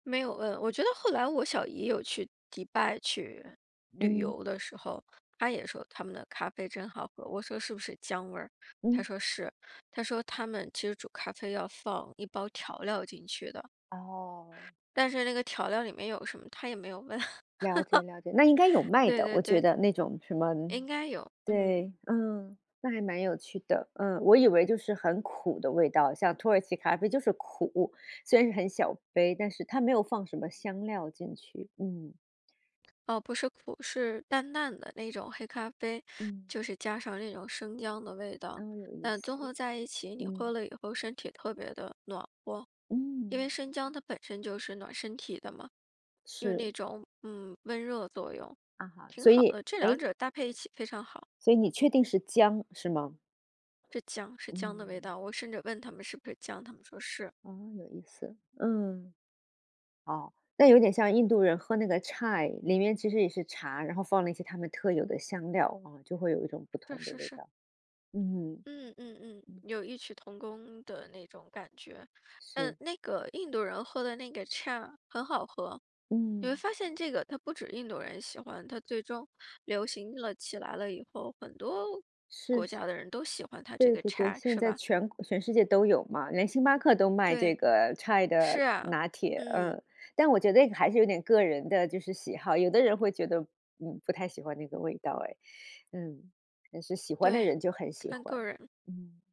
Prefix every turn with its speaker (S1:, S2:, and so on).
S1: 没有问，我觉得后来我小姨有去迪拜去旅
S2: 嗯。
S1: 游的时候，她也说他们的咖啡真好喝。我说是不是姜味儿，她
S2: 嗯。
S1: 说是，她说他们其实煮咖啡要放一包调料进去的。
S2: 哦。
S1: 但是那个调料里面有什么她也没有问，
S2: 了解了解，那应该有 卖
S1: 对
S2: 的，
S1: 对
S2: 我觉
S1: 对。
S2: 得那种什么
S1: 应该有，嗯。
S2: 对，嗯，那还蛮有趣的。嗯，我以为就是很苦的味道，像土耳其咖啡就是苦，虽然是很小杯，但是它没有放什么香料进去，嗯。
S1: 哦，不是苦，是淡淡的那种黑咖啡，
S2: 嗯。
S1: 就是加上那种生姜的味道。
S2: 哦，有意
S1: 但
S2: 思，
S1: 综合在一起，你喝
S2: 嗯。
S1: 了以后身体特别地暖和，因为
S2: 嗯。
S1: 生姜它本身就是暖身体的嘛，有那
S2: 是。
S1: 种，嗯，温热作用，
S2: 啊，
S1: 挺
S2: 所
S1: 好
S2: 以
S1: 的，这两
S2: 诶。
S1: 者搭配一起非常好。
S2: 所以你确定是姜，是吗？
S1: 是姜，是姜的味
S2: 嗯。
S1: 道，我甚至问他们是不是姜，他们说是。
S2: 哦，有意思，嗯。哦，那有点像印度人喝那个 chai，里面其实也是茶，然后放了一些他们特有的香料，啊，就会有一种不
S1: 是
S2: 同的
S1: 是
S2: 味
S1: 是。
S2: 道，嗯。
S1: 嗯嗯嗯，
S2: 嗯。
S1: 有异曲同工的那种感觉。那
S2: 是。
S1: 那个印度人喝的那个 chai，很好喝，你会
S2: 嗯。
S1: 发现这个，它不止印度人喜欢，它最终流行了起来了以后，很多
S2: 是，
S1: 国家的人都喜欢它这
S2: 对
S1: 个
S2: 对对，
S1: chai，
S2: 现
S1: 是
S2: 在
S1: 吧？
S2: 全国全世界都有嘛，连星巴克都卖这
S1: 对，
S2: 个 chai
S1: 是
S2: 的
S1: 啊，
S2: 拿铁，
S1: 嗯。
S2: 嗯。但我觉得这个还是有点个人的就是喜好，有的人会觉得，嗯，不太喜欢那个味道诶，嗯，但是喜欢的
S1: 对，
S2: 人就很喜
S1: 看
S2: 欢。
S1: 个人。
S2: 嗯。